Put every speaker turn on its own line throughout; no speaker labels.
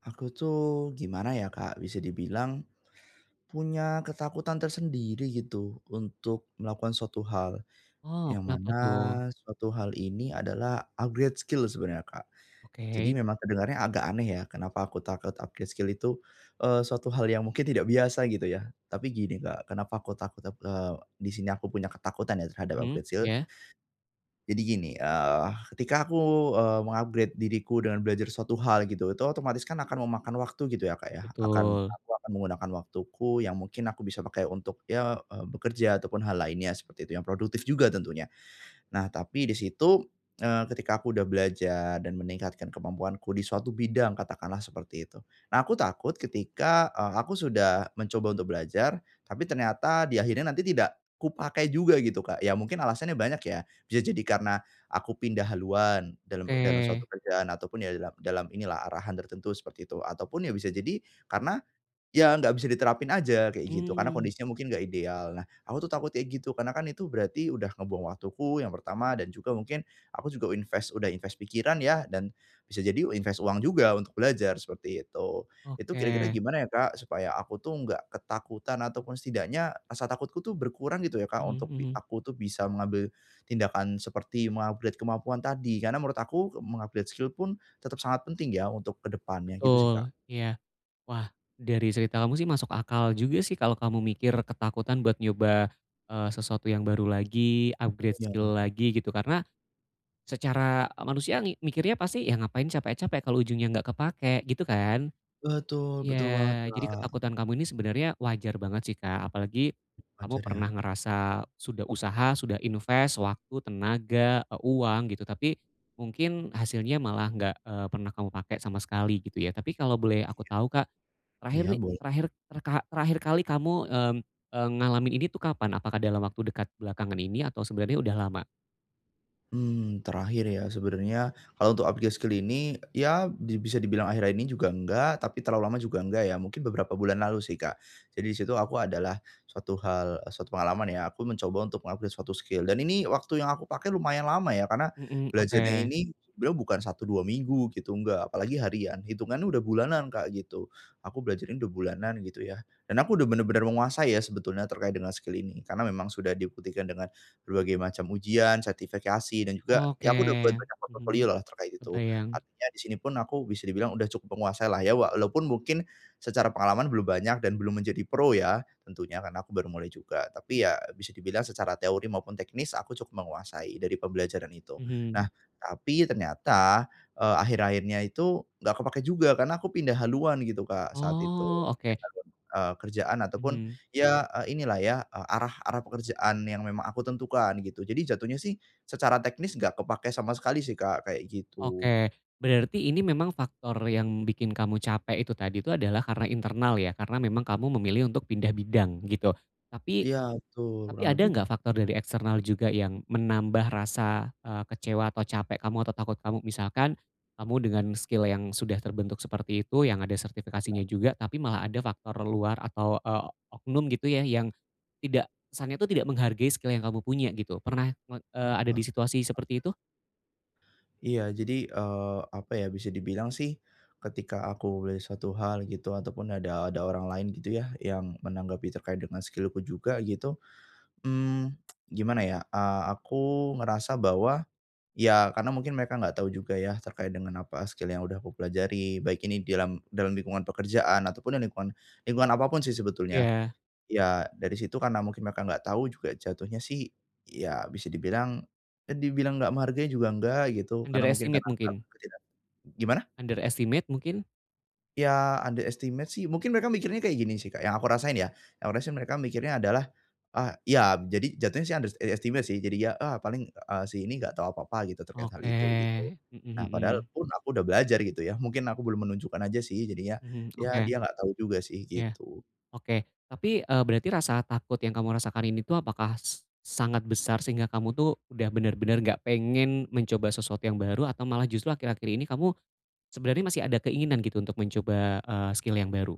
Aku tuh gimana ya Kak, bisa dibilang punya ketakutan tersendiri gitu untuk melakukan suatu hal
Oh,
yang
kenapa
mana
tuh?
suatu hal ini adalah upgrade skill sebenarnya Kak. Jadi
Oke.
memang kedengarannya agak aneh ya kenapa aku takut upgrade skill itu, eee suatu hal yang mungkin tidak biasa gitu ya. Tapi gini Kak, kenapa aku takut aku eee di sini aku punya ketakutan ya terhadap
Mhm.
upgrade skill.
Iya.
Jadi gini, eee ketika aku, eee, meng-upgrade diriku dengan belajar suatu hal gitu otomatis kan akan memakan waktu gitu ya Kak ya akan
Betul.
aku akan menggunakan waktuku yang mungkin aku bisa pakai untuk ya eee bekerja atau pun hal lainnya seperti itu yang produktif juga tentunya. Nah tapi di situ, eee, ketika aku sudah belajar dan meningkatkan kemampuanku di suatu bidang katakan lah seperti itu nah aku takut ketika, eee, aku sudah mencoba untuk belajar tapi ternyata di akhirnya nanti tidak kupakai juga gitu Kak ya mungkin alasannya banyak ya, bisa jadi karena aku pindah haluan dalam dalam
Oke.
suatu kerjaan, ataupun ya dalam dalam inilah arahan tertentu seperti itu, ataupun ya bisa jadi karena ya nggak bisa diterapin saja kayak gitu karena
Hmm.
kondisinya mungkin gak ideal. Nah aku tuh takut kayak gitu karena kan itu berarti sudah membuang waktuku yang pertama dan juga mungkin aku juga invest, sudah invest pikiran ya dan bisa jadi u invest uang juga untuk belajar seperti itu, itu kira-kira
Oke.
gimana ya Kak supaya aku tuh gak ketakutan ataupun setidaknya rasa takutku tuh berkurang gitu ya Kak
Mhm,
untuk
mhm.
aku tuh bisa mengambil tindakan seperti meng-upgrade kemampuan tadi, karena menurut aku meng-upgrade skill pun tetap sangat penting ya untuk ke depannya, gitu sih Kak.
Betul, iya. Wah dari cerita kamu sih masuk akal juga sih kalau kamu mikir ketakutan buat nyoba, eee, sesuatu yang baru lagi, upgrade
Iya
skill
Kakak.
lagi gitu, karena secara manusia mikirnya pasti ya ngapain capek-capek kalau ujungnya gak kepake gitu kan?
Betul, betul banget
Ya jadi
Kak.
ketakutan kamu ini sebenarnya wajar banget sih Kak, apalagi
Oh
kamu
wajar
pernah
ya.
ngerasa sudah usaha, sudah invest, waktu, tenaga, atau uang gitu, tapi mungkin hasilnya malah gak, eee, pernah kamu pakai sama sekali gitu ya. Tapi kalau boleh aku tau Kak,
Iya,
terakhir nih,
iya bol
terakhir terkha terakhir kali kamu, mmm, eee, ngalamin ini tuh kapan? Apakah dalam waktu dekat belakangan ini atau sebenarnya udah lama?
Hmm terakhir ya sebenarnya kalau untuk upgrade skill ini ya di bisa dibilang akhirnya ini juga enggak tapi terlalu lama juga enggak ya, mungkin beberapa bulan lalu sih Kak. Jadi di situ aku ada lah suatu hal eee, satu pengalaman ya aku mencoba untuk meng-upgrade suatu skill dan ini waktu yang aku pakai lumayan lama ya karena
Mhm,
belajarnya
oke.
ini beliau bukan 1 2 minggu gitu enggak apalagi harian hitungannya sudah bulanan Kak gitu. Aku belajar ini sudah bulanan gitu ya dan aku sudah benar-benar menguasai ya sebetulnya terkait dengan skill ini karena memang sudah dibuktikan dengan berbagai macam ujian, sertifikasi dan juga
Oke,
ya aku sudah buat banyak portfolio
mhm.
lah terkait itu
Terbayang.
artinya di sini pun aku bisa dibilang sudah cukup menguasai lah, ya walaupun mungkin secara pengalaman belum banyak dan belum menjadi pro ya tentunya karena aku baru mulai juga tapi ya bisa dibilang secara teori maupun teknis aku cukup menguasai dari pembelajaran itu.
Mhm.
Nah tapi ternyata, eee, akhir-akhirnya itu nggak kepakai juga karena aku pindah haluan gitu Kak saat itu
Oh,
3
oke.
tahun, eee, kerjaan ataupun
Mhm.
ya, eee, inilah ya, eee, arah arah pekerjaan yang memang aku tentukan gitu, jadi jatuhnya sih secara teknis enggak kepakai sama sekali sih Kak, kayak gitu.
Oke, berarti ini memang faktor yang bikin kamu capek itu tadi itu adalah karena internal ya, karena memang kamu memilih untuk pindah bidang, gitu. Tapi,
Iya betul,
tapi
kurang
ada
lebih.
gak faktor dari eksternal juga yang menambah rasa, eee, kecewa atau capek kamu atau takut kamu misalkan kamu dengan skill yang sudah terbentuk seperti itu, yang ada
Iya.
sertifikasinya juga tapi malah ada faktor luar atau, eee, oknum gitu ya, yang tidak kesannya tuh tidak menghargai skill yang kamu punya gitu. Pernah me eee, ada di
Entah
situasi
Kak.
seperti itu?
Iya, jadi, eee, apa ya, bisa dibilang sih, ketika aku belajar 1 hal gitu ataupun ada ada orang lain gitu ya yang menanggapi terkait dengan skill-ku juga, gitu. Mmm, gimana ya, eee, aku ngerasa bahwa, ya karena mungkin mereka enggak tahu juga ya terkait dengan apa skill yang udah aku pelajari, baik ini di alam dalam lingkungan pekerjaan ataupun ya lingkungan lingkungan apapun sih sebetulnya.
Iya.
Ya, dari situ karena mungkin mereka enggak tahu juga jatuhnya sih ya bisa dibilang, ya dibilang enggak menghargai juga enggak gitu, karena mungkin
Underestimate
[unintelligible]
mungkin.
gimana?
Underestimate, mungkin?
Ya, underestimate sih mungkin mereka mikirnya kayak gini sih, Kak, yang aku rasain ya, yang aku rasain mereka mikirnya adalah, ah iya jadi jatuhnya sih underestimate sih jadinya, "Ah, paling eee, si ini enggak tahu apa-apa gitu terkait hal
Oke.
itu," gitu.
Mhm
Nah, padahal
mhm.
pun aku udah belajar gitu ya, mungkin aku belum menunjukkan aja sih jadinya,
Mhm,
ya
oke.
dia enggak tahu juga sih,
Ya,
gitu.
oke. Tapi, eee, berarti rasa takut yang kamu rasakan ini tuh, apakah s sangat besar sehingga kamu tuh, udah benar-benar enggak pengen mencoba sesuatu yang baru atau malah justru akhir-akhir ini kamu sebenarnya masih ada keinginan gitu untuk mencoba, eee, skill yang baru?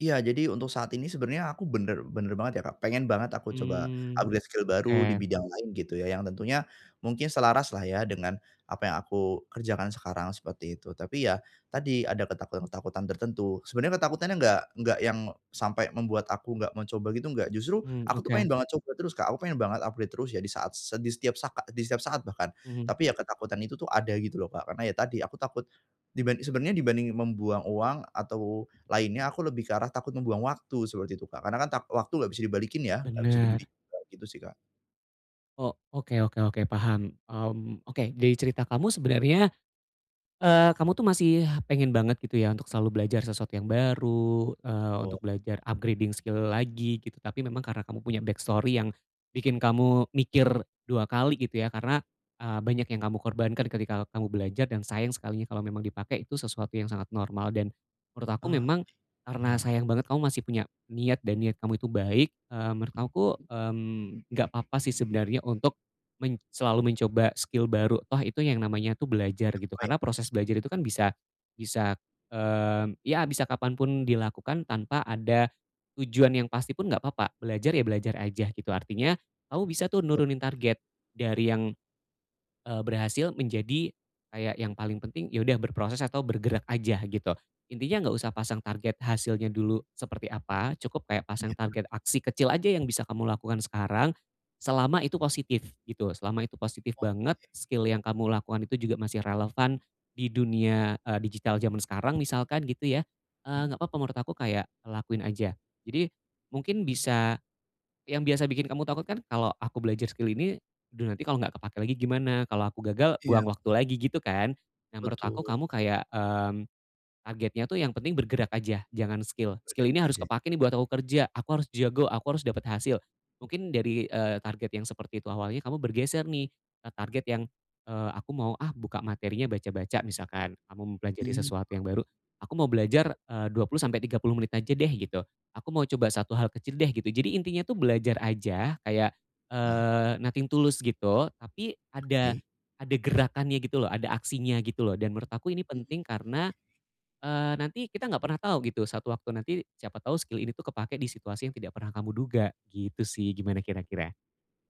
Iya, jadi untuk saat ini sebenarnya aku benar benar banget ya, Kak, pengen banget aku coba
Mmm,
upgrade skill baru di
oke.
bidang lain gitu ya yang tentunya mungkin selaras lah ya dengan apa yang aku kerjakan sekarang seperti itu. Tapi ya, tadi ada ketakutan-ketakutan tertentu. Sebenarnya ketakutannya enggak enggak yang sampai membuat aku enggak mencoba gitu enggak, justru
Hmm,
aku tuh
oke.
pengen banget coba terus, Kak, aku pengen banget upgrade terus ya di saat se di setiap sakak di setiap saat bahkan.
Mhm.
Tapi, ya ketakutan itu tuh ada gitu loh, Kak, karena ya tadi aku takut diban sebenarnya dibanding membuang uang atau lainnya aku lebih ke arah, takut membuang waktu seperti itu, Kak, karena kan tak waktu enggak bisa dibalikin ya, enggak bisa dibeli,
Benar.
kayak gitu sih, Kak.
Oh, oke oke oke paham. Mmm, oke dari cerita kamu sebenarnya, eee, kamu tuh masih pengen banget gitu ya, untuk selalu belajar sesuatu yang baru, eee,
Oh.
untuk belajar upgrading skill lagi gitu, tapi memang karena kamu punya backstory yang bikin kamu mikir 2 kali gitu ya karena, eee, banyak yang kamu korbankan, ketika kamu belajar dan sayang sekalinya kalau memang dipakai, itu sesuatu yang sangat normal. Dan, menurut aku
Ah, oke,
memang, karena
paham.
sayang banget kamu masih punya niat dan niat kamu itu baik, eee, menurut aku, mmm, enggak papa sih sebenarnya untuk men selalu mencoba skill baru toh itu yang namanya tuh belajar gitu,
[unintelligible]
karena proses belajar itu kan bisa bisa, eee, ya bisa kapan pun dilakukan tanpa ada tujuan yang pasti pun enggak papa, belajar, ya belajar aja gitu. Artinya, kamu bisa tuh
[unintelligible]
nurunin target, dari yang, eee, berhasil menjadi, kayak yang paling penting ya udah berproses atau bergerak aja, gitu. Intinya enggak usah pasang target hasilnya dulu seperti apa, cukup kayak pasang
Iyakah?
target aksi kecil aja yang bisa kamu lakukan sekarang, selama itu positif, gitu, selama itu positif banget,
Oke.
skill yang kamu lakukan itu juga masih relevan di dunia, eee, digital jaman sekarang misalkan gitu ya, eee,
M
enggak papa menurut aku kayak lakuin aja. Jadi, mungkin bisa yang biasa bikin kamu takut kan, "Kalau aku belajar skill ini, aduh nanti kalo enggak kepakai lagi gimana? Kalau aku gagal
Iya
buang waktu
Kak.
lagi," gitu kan? Nah, menurut aku
Betul.
kamu kayak, mmm, targetnya tuh yang penting bergerak aja, jangan skill, "Skill ini harus
[unintelligible]
kepakai nih buat aku kerja, aku harus jago, aku harus dapat hasil." Mungkin dari, eee, target yang seperti itu awalnya, kamu bergeser nih ke target yang, eee, "Aku mau ah buka materinya baca-baca," misalkan, kamu mempelajari
Hmm.
sesuatu yang baru, "Aku mau belajar, eee, 20, sampai 30 menit aja deh," gitu, "aku mau coba 1 hal kecil deh," gitu. Jadi, intinya tuh belajar aja kayak,
Heeh.
eee, nothing to lose gitu, tapi ada
Oke.
ada gerakannya gitu loh, ada aksinya gitu loh. Dan menurut aku ini
Mhm.
penting karena, eee, nanti kita enggak pernah tau gitu, satu waktu nanti siapa tau skill ini tuh kepake di situasi yang tidak pernah kamu duga, gitu sih, gimana kira-kira?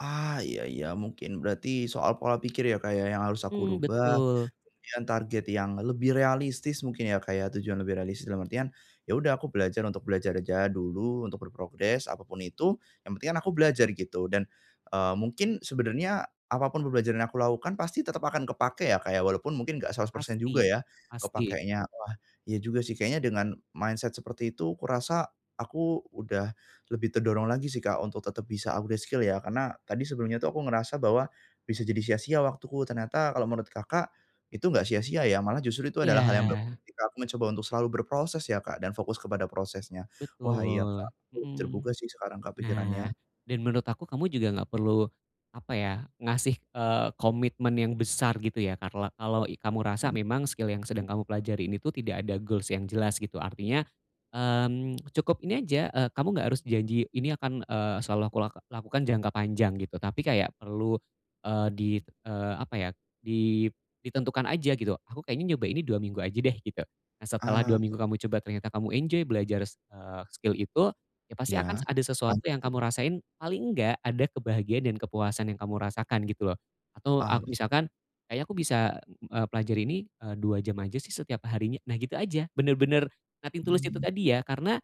Ah, iya iya, mungkin berarti soal pola pikir ya, Kak, ya yang harus aku
Mmm,
rubah,
betul.
kemudian target yang lebih realistis mungkin ya, Kak, ya tujuan lebih realistis dalam artian, ya udah aku belajar untuk belajar aja dulu, untuk berprogres apapun itu, yang penting kan aku belajar gitu dan, eee, mungkin sebenarnya apapun pembelajaran yang aku lakukan pasti tetap akan kepakai ya, Kak, ya walaupun mungkin enggak 100% juga
Pasti,
ya
pasti.
kepakainya. Wah, iya juga sih kayaknya dengan mindset seperti itu kurasa, aku udah lebih terdorong lagi sih, Kak, untuk tetap bisa upgrade skill ya karena tadi sebelumnya itu aku ngerasa bahwa, bisa jadi sia-sia waktuku ternyata kalau menurut Kakak, itu enggak sia-sia ya, malah justru itu adalah hal yang bagus
Ya.
ketika aku mencoba untuk selalu berproses ya, Kak, dan fokus kepada prosesnya. Wah, iya, Kak,
Betul,
aku lebih
mhm.
terbuka sih sekarang, Kak,
Nah,
pikirannya.
dan menurut aku kamu juga enggak perlu apa ya, ngasih, eee, komitmen yang besar gitu ya, karla kalau i kamu rasa memang skill yang sedang kamu pelajari ini tuh tidak ada goals yang jelas, gitu. Artinya, mmm, cukup ini aja, eee, kamu enggak harus janji, "Ini akan, eee, selalu aku laka lakukan jangka panjang," gitu, tapi kayak perlu, eee, di, eee, apa ya, di ditentukan aja gitu, "Aku kayaknya nyoba ini 2 minggu aja deh," gitu. Nah, setelah 2,
Ah.
minggu kamu coba ternyata kamu enjoy belajar s eee, skill itu, ya pasti
Iya,
akan ada sesuatu
lanjut
yang
ya.
kamu rasain, paling enggak, ada kebahagiaan dan kepuasan yang kamu rasakan, gitu loh. Atau a
Ah, bi
misalkan, "Kayaknya aku bisa, eee, pelajari ini, eee, 2 jam aja sih setiap harinya," nah gitu aja, bener-bener nothing to lose itu
Hmm.
tadi ya, karena,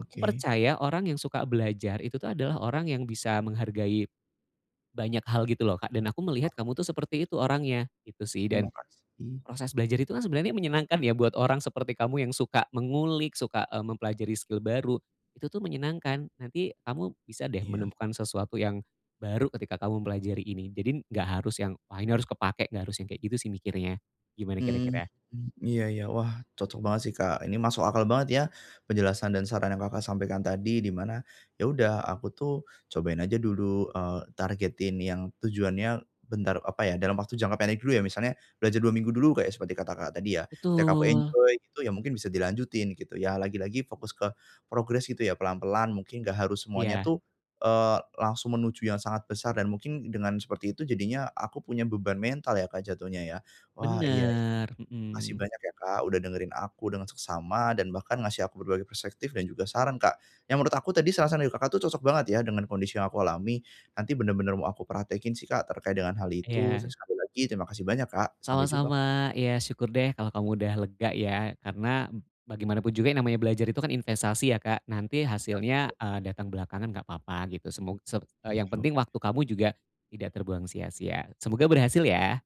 aku percaya orang yang suka belajar, itu tuh adalah orang yang bisa menghargai banyak hal gitu loh, Kak, dan aku melihat kamu tuh seperti
[unintelligible]
itu orangnya, gitu sih. Dan
Terima kasih.
proses belajar itu kan sebenarnya menyenangkan ya buat orang seperti kamu yang suka mengulik, suka, eee, mempelajari skill baru, itu tuh menyenangkan. Nanti, kamu bisa deh
Iya.
menemukan sesuatu yang baru, ketika kamu mempelajari ini. Jadi, enggak harus yang, "Wah, ini harus kepakai," enggak harus yang kayak gitu sih mikirnya, gimana
Hmm,
kira-kira?
mmm, iya iya wah cocok banget sih, Kak, ini masuk akal banget ya penjelasan dan saran yang Kakak sampaikan tadi di mana, ya udah aku tuh cobain aja dulu, eee, targetin yang tujuannya bentar apa ya dalam waktu jangka pendek dulu ya misalnya, belajar 2 minggu dulu kayak seperti kata Kakak tadi ya. Tiap aku
Betul.
enjoy gitu ya, mungkin bisa dilanjutin gitu ya. Lagi-lagi fokus ke progres gitu ya, pelan-pelan mungkin enggak harus semuanya
Iya.
tuh, eee, langsung menuju yang sangat besar dan mungkin dengan seperti itu, jadinya aku punya beban mental ya, Kak, jatuhnya ya. Wah, iya iya.
Benar,
Makasih
mhm.
banyak ya, Kak, udah dengerin aku dengan seksama dan bahkan ngasih aku berbagai perspektif dan juga saran, Kak, yang menurut aku tadi saran-saran dari Kakak itu cocok banget ya dengan kondisi yang aku alami. Nanti, benar-benar mau aku praktekkin sih, Kak, terkait dengan hal itu,
Iya.
terus sekali lagi terima kasih banyak, Kak, sampai jumpa!
Sama-sama, iya, syukur deh kalau kamu udah lega ya, karena bagaimana pun juga yang namanya belajar itu kan investasi ya, Kak. Nanti,
Ya,
hasilnya,
betul.
eee, datang belakangan enggak papa gitu. Semog se eee, yang
[unintelligible]
penting waktu kamu juga tidak terbuang sia-sia. Semoga berhasil ya!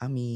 Amin.